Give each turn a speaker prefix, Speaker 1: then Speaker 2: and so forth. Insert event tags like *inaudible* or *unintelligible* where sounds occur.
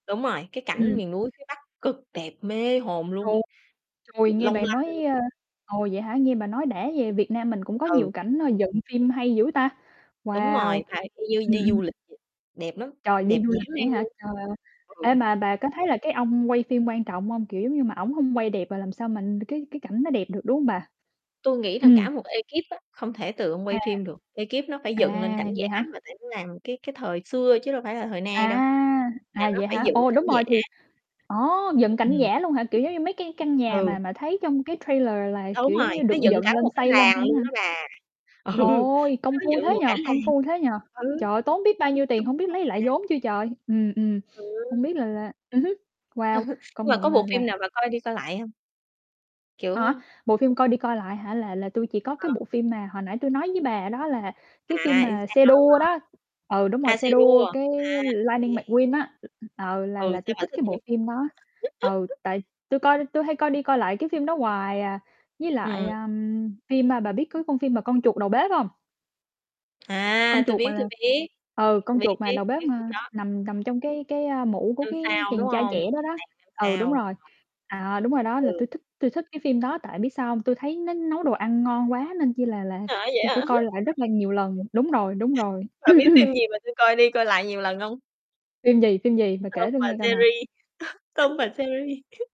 Speaker 1: Đúng rồi, cái cảnh
Speaker 2: Ừm.
Speaker 1: miền núi phía Bắc cực đẹp, mê hồn luôn.
Speaker 2: Ồ. Trời, nghe
Speaker 1: Long
Speaker 2: bà
Speaker 1: lanh.
Speaker 2: nói, a ồ, vậy hả, nghe bà nói đã về Việt Nam mình cũng có
Speaker 1: Ừ.
Speaker 2: nhiều cảnh nó dựng phim hay dữ ta.
Speaker 1: Đúng
Speaker 2: Wow.
Speaker 1: rồi, phải y như
Speaker 2: Ừm,
Speaker 1: đi
Speaker 2: ừm.
Speaker 1: du lịch vậy. Đẹp lắm,
Speaker 2: Trời, đi
Speaker 1: đẹp
Speaker 2: du
Speaker 1: dã
Speaker 2: lịch vậy
Speaker 1: man
Speaker 2: á hả?
Speaker 1: luôn.
Speaker 2: Trời ơi.
Speaker 1: Ừ.
Speaker 2: Ê, mà bà có thấy là cái ông quay phim quan trọng hông? Kiểu giống như mà ổng hông quay đẹp rồi làm sao mà cái cái cảnh nó đẹp được, đúng hông bà?
Speaker 1: Tui nghĩ là
Speaker 2: Ừm.
Speaker 1: cả một ekip á, không thể từ ông
Speaker 2: À.
Speaker 1: quay phim được, ekip nó phải
Speaker 2: À,
Speaker 1: dựng lên cảnh
Speaker 2: vậy
Speaker 1: giả
Speaker 2: hả?
Speaker 1: mà, tại nó làm cái cái thời xưa chứ đâu phải là thời nay đâu,
Speaker 2: À!
Speaker 1: là
Speaker 2: À,
Speaker 1: nó
Speaker 2: vậy
Speaker 1: phải
Speaker 2: hả?
Speaker 1: dựng
Speaker 2: Ồ,
Speaker 1: cảnh
Speaker 2: đúng
Speaker 1: giả.
Speaker 2: rồi thì ồ, dựng cảnh
Speaker 1: Ừm.
Speaker 2: giả luôn hả, kiểu, giống như mấy cái căn nhà
Speaker 1: Ừ.
Speaker 2: mà mà thấy trong cái trailer là,
Speaker 1: Đúng
Speaker 2: kiểu,
Speaker 1: rồi,
Speaker 2: giống như,
Speaker 1: nó
Speaker 2: được
Speaker 1: dựng
Speaker 2: dựng
Speaker 1: cả
Speaker 2: lên,
Speaker 1: một cái
Speaker 2: xây lên không
Speaker 1: làng luôn
Speaker 2: á hả?
Speaker 1: đó bà. Ừ.
Speaker 2: Ôi, công
Speaker 1: Nó
Speaker 2: phu
Speaker 1: dựng
Speaker 2: thế
Speaker 1: một
Speaker 2: nhỉ,
Speaker 1: cả làng.
Speaker 2: công phu thế nhỉ!
Speaker 1: Ừ.
Speaker 2: Trời ơi, tốn biết bao
Speaker 1: Nó dựng
Speaker 2: nhiêu
Speaker 1: cả
Speaker 2: tiền
Speaker 1: một
Speaker 2: hổng
Speaker 1: cái
Speaker 2: biết
Speaker 1: làng
Speaker 2: lấy lại
Speaker 1: mà.
Speaker 2: vốn chưa trời. Ừm, ừm. *sniffs*
Speaker 1: Ừ.
Speaker 2: Hông biết là là ừm hứm.
Speaker 1: Ừ.
Speaker 2: Wow,
Speaker 1: Nhưng
Speaker 2: công
Speaker 1: mà
Speaker 2: nhận
Speaker 1: có
Speaker 2: là
Speaker 1: bộ
Speaker 2: là
Speaker 1: phim nào bà coi đi coi lại hông?
Speaker 2: Á,
Speaker 1: Kiểu
Speaker 2: bộ phim coi đi coi lại hả là là tui chỉ có cái
Speaker 1: Ờ.
Speaker 2: bộ phim mà hồi nãy tui nói với bà đó là cái phim
Speaker 1: À, yêu
Speaker 2: mà xe
Speaker 1: sao, đúng
Speaker 2: đua
Speaker 1: hông?
Speaker 2: đó, ừ, đúng rồi,
Speaker 1: À,
Speaker 2: xe
Speaker 1: xe
Speaker 2: đua
Speaker 1: đua.
Speaker 2: cái
Speaker 1: À, ô kê.
Speaker 2: "Lightning McQueen" á, ờ, là
Speaker 1: Ừ,
Speaker 2: là tui
Speaker 1: sao bà
Speaker 2: thích
Speaker 1: thích
Speaker 2: cái
Speaker 1: vậy?
Speaker 2: bộ phim đó. Ừ,
Speaker 1: *laughs*
Speaker 2: tại tui coi tui hay coi đi coi lại cái phim đó hoài à, với lại,
Speaker 1: Ừm.
Speaker 2: ơm, phim, a, bà biết có con phim mà con chuột đầu bếp hông? Con
Speaker 1: À, tui
Speaker 2: chuột mà
Speaker 1: biết, tui
Speaker 2: là
Speaker 1: biết.
Speaker 2: ừ, con
Speaker 1: Biết,
Speaker 2: chuột mà
Speaker 1: biết,
Speaker 2: đầu bếp
Speaker 1: biết phim
Speaker 2: mà
Speaker 1: đó.
Speaker 2: nằm nằm trong cái cái, a, mũ của
Speaker 1: Năm
Speaker 2: cái
Speaker 1: sao đúng
Speaker 2: chàng trai
Speaker 1: không,
Speaker 2: trẻ đó
Speaker 1: "Nhà
Speaker 2: đó.
Speaker 1: Hàng Năm
Speaker 2: Ừ, đúng
Speaker 1: Sao."
Speaker 2: rồi.
Speaker 1: *unintelligible*
Speaker 2: À, đúng rồi đó, là
Speaker 1: Ừ.
Speaker 2: tui thích tui thích cái phim đó tại, biết sao hông? Tui thấy nó nấu đồ ăn ngon quá, nên chi là là
Speaker 1: À, vậy
Speaker 2: tui
Speaker 1: hả?
Speaker 2: phải coi lại rất là nhiều lần. Đúng rồi, đúng rồi.
Speaker 1: Bà biết phim
Speaker 2: *clears throat*
Speaker 1: gì mà tui coi đi coi lại nhiều lần hông?
Speaker 2: Phim gì, phim gì? Bà kể
Speaker 1: Tom
Speaker 2: tui
Speaker 1: và
Speaker 2: nghe coi nào.
Speaker 1: Jerry. *chuckles* Tom và
Speaker 2: *chuckles*
Speaker 1: Jerry. *chuckles*